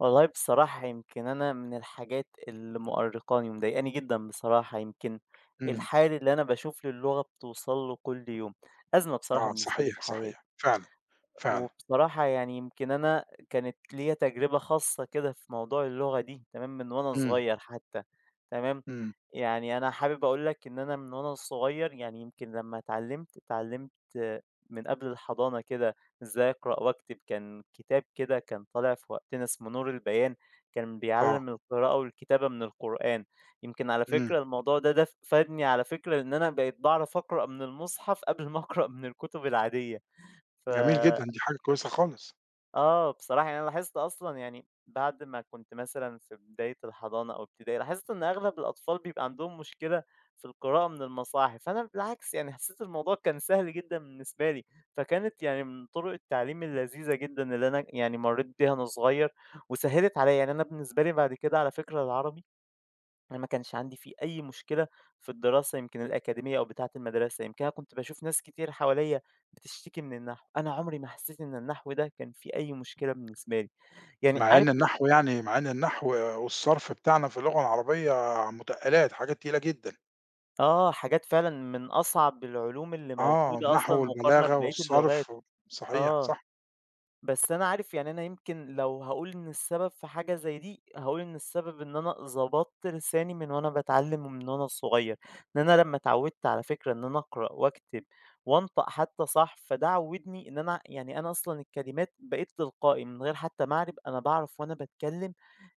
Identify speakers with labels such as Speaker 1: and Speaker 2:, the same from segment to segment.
Speaker 1: والله بصراحة يمكن أنا من الحاجات اللي مؤرقاني ومضايقني جدًا بصراحة، يمكن
Speaker 2: إمم.
Speaker 1: الحال اللي أنا باشوف للغة بتوصَل له كل يوم، أزمة بصراحة
Speaker 2: آه،
Speaker 1: بالنسبة لي
Speaker 2: صحيح،
Speaker 1: في حياتي.
Speaker 2: صحيح، فعلًا،
Speaker 1: أ
Speaker 2: فعلًا.
Speaker 1: وبصراحة يعني يمكن أنا كانت ليَّ تجربة خاصّة كده في موضوع اللغة دي تمام من وأنا
Speaker 2: إمم.
Speaker 1: صغيّر حتّى، تمام.
Speaker 2: إمم.
Speaker 1: يعني أنا حابب أقول لك إن أنا من وأنا صغيّر، يعني يمكن لمّا اتعلّمت، اتعلّمت من قبل الحضانة كده إزاي أقرأ وأكتب كان كتاب كده كان طالع في وقتنا اسمه نور البيان، كان
Speaker 2: آه.
Speaker 1: بيعلّم القراءة والكتابة من القرآن، يمكن على
Speaker 2: إمم.
Speaker 1: فكرة الموضوع ده ده ف فادني على فكرة إن أنا بقيت باعرف أقرأ من المصحف، قبل ما أقرأ من الكتب العادية. ف
Speaker 2: جميل جدًا، دي حاجة كويسة خالص.
Speaker 1: آه، بصراحة يعني أنا لاحظت أصلًا يعني بَعد ما كنت مثلًا في بداية الحضانة أو إبتدائي، لاحظت إن أغلب الأطفال بيبقى عَندهم مشكلة في القراءة من المصاحف، فأنا بالعكس، يعني حسّيت الموضوع كان سهل جدًا بالنسبة لي، فكانت يعني من طُرُق التعليم اللذيذة جدًا اللي أنا يعني مرّيت بيها وأنا صغيّر، وسهِّلت عليَّ، يعني أنا بالنسبة لي بَعد كده على فكرة العربي أنا ما كانش عَندي فيه أي مشكلة في الدراسة يمكن الأكاديمية أو بتاعة المدرسة، يمكن أنا كنت باشوف ناس كتير حواليّ بتشتكي من النحو، أنا عمري ما حسّيت إن النحو ده كان فيه أي مشكلة بالنسبة لي. يعني
Speaker 2: مع
Speaker 1: عارف
Speaker 2: إن
Speaker 1: ف
Speaker 2: النحو يعني مع إن النحو والصرف بتاعنا في اللغة العربية متقّلات، حاجات تقيلة جدًا.
Speaker 1: آه، حاجات فعلًا من أصعب العلوم اللي
Speaker 2: آه،
Speaker 1: موجودة أصلًا
Speaker 2: النحو
Speaker 1: مقارنة
Speaker 2: والبلاغة
Speaker 1: بباقيّة اللغات
Speaker 2: والصرف و صحيح،
Speaker 1: آه،
Speaker 2: صح.
Speaker 1: بس أنا عارف يعني أنا يمكن لو هاقول إن السبب في حاجة زي دي، هاقول إن السبب إن أنا ضبطت لساني من وأنا باتعلّم ومن وأنا صغيّر، لأن أنا لمّا اتعوّدت على فكرة إن أنا أقرأ وأكتب وأنطق حتّى صح، فده عوّدني إن أنا يعني أنا أصلًا الكلمات بقيت تلقائي، من غير حتّى ما أعرِب، أنا باعرَف وأنا باتكلّم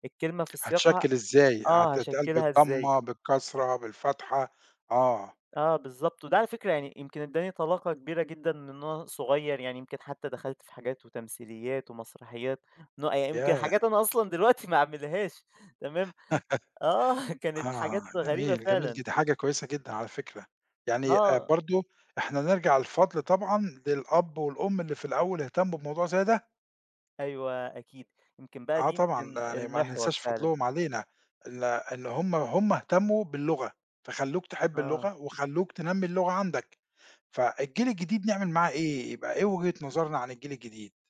Speaker 1: الكلمة في سياقها
Speaker 2: هتشكِّل إزاي،
Speaker 1: آه،
Speaker 2: هتتقال
Speaker 1: هاشكّلها إزاي.
Speaker 2: بالضمة، بالكسرة، بالفتحة. آه.
Speaker 1: آه، بالضبط، وده على فكرة يعني يمكن إدّاني طلاقة كبيرة جدًا من وأنا صغيّر، يعني يمكن حتّى دخَلت في حاجات وتمثيليات ومسرحيات، نوأ يمكن
Speaker 2: ياه!
Speaker 1: حاجات أنا أصلًا دلوقتي ما أعملهاش، تمام، آه كانت
Speaker 2: آه،
Speaker 1: حاجات غريبة
Speaker 2: جميل، جميل
Speaker 1: فعلًا.
Speaker 2: جدًا، دي حاجة كويسة جدًا على فكرة، يعني آآ،
Speaker 1: آه.
Speaker 2: برضه إحنا نرجَع الفضْل طبعًا للأب والأم، اللي في الأول اهتمّوا بموضوع زي ده.
Speaker 1: أيوَه، أكيد. يمكن بقي
Speaker 2: آه
Speaker 1: دي
Speaker 2: طبعًا،
Speaker 1: يمكن
Speaker 2: يعني ما
Speaker 1: المحوَر
Speaker 2: ننساش
Speaker 1: فعلًا.
Speaker 2: فضْلهم علينا ال إن هُم هُم اهتمّوا باللغة، فخلّوك تحب
Speaker 1: آه.
Speaker 2: اللغة وخلّوك تنمّي اللغة عَندك. فالجيل الجديد نعمل معاه إيه؟ يبقى إيه وجهة نظرنا عن الجيل الجديد؟